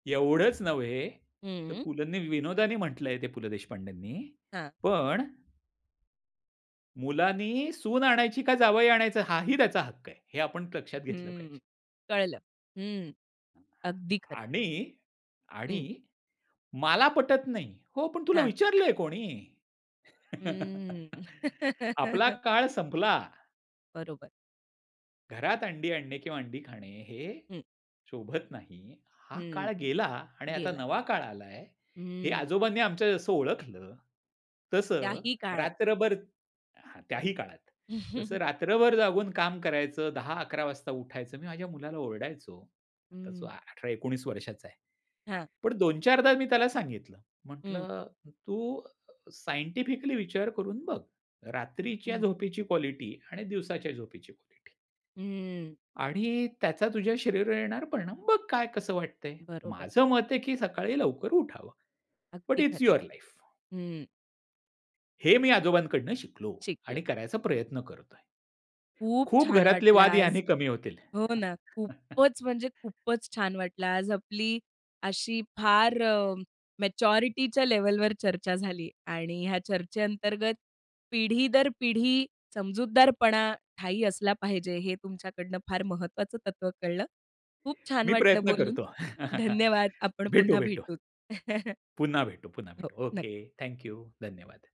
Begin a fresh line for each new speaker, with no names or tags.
एवढंच नव्हे तर
हं.
पुलंनी विनोदाने म्हटलंय ते पु. ल. देशपांडेंनी
हां.
पण. मुलांनी सून आणायची का जावई आणायचं हाही त्याचा हक्क आहे. हे आपण लक्षात घेतलं
हं.
पाहिजे.
कळलं. हं. अगदी खरं आहे.
आणि आणि
हं.
मला पटत नाही. हो, पण तुला
हां.
विचारलंय कोणी?
हम्म.
आपला काळ संपला.
बरोबर.
घरात अंडी आणणे किंवा अंडी खाणे, हे
हं.
शोभत नाही. हा
हं.
काळ गेला आणि आता
गेला.
नवा काळ आलाय हे
हं.
आजोबांनी आमच्या जसं ओळखलं तसं
त्याही काळात.
रात्रभर हां, त्याही काळात तसं रात्रभर जागून काम करायचं 10:00-11:00 वाजता उठायचं. मी माझ्या मुलाला ओरडायचो
हं.
आता 18-19 वर्षाचा आहे.
हां.
पण 2-4 दा मी त्याला सांगितलं
हं.
म्हटलं "तू सायंटिफिकली विचार करून बघ. रात्रीच्या
हं.
झोपेची क्वालिटी आणि दिवसाच्या झोपेची क्वालिटी"
हम्म.
"आणि त्याचा तुझ्या शरीरावर येणारा परिणाम बघ काय कसं वाटतंय.
बरोबर.
माझं मत आहे की सकाळी लवकर उठावं." "बट
अगदी खरं
इट्स युअर लाईफ."
आहे. हं.
हे मी आजोबांकडून शिकलो आणि
शिकलं.
करायचा प्रयत्न करतोय.
खूप
खूप
छान
घरातले
वाटलं
वाद
आज.
याने कमी होतील.
हो ना. खुपचं म्हणजे खुपचं छान वाटला आज आपली अशी फार अ, मॅच्युरिटीच्या लेव्हलवर चर्चा झाली आणि ह्या चर्चेअंतर्गत पिढी दर पिढी समजूतदारपणा ठायी असला पाहिजे, हे तुमच्याकडनं फार महत्वाचं तत्व कळलं. खूप छान
मी
वाटलं
प्रयत्न
बोलून.
करतो.
धन्यवाद आपण
भेटू.
पुन्हा
भेटू.
भेटू.
पुन्हा भेटू. पुन्हा
हो,
भेटू.
नक्
ओके. Thank you. धन्यवाद.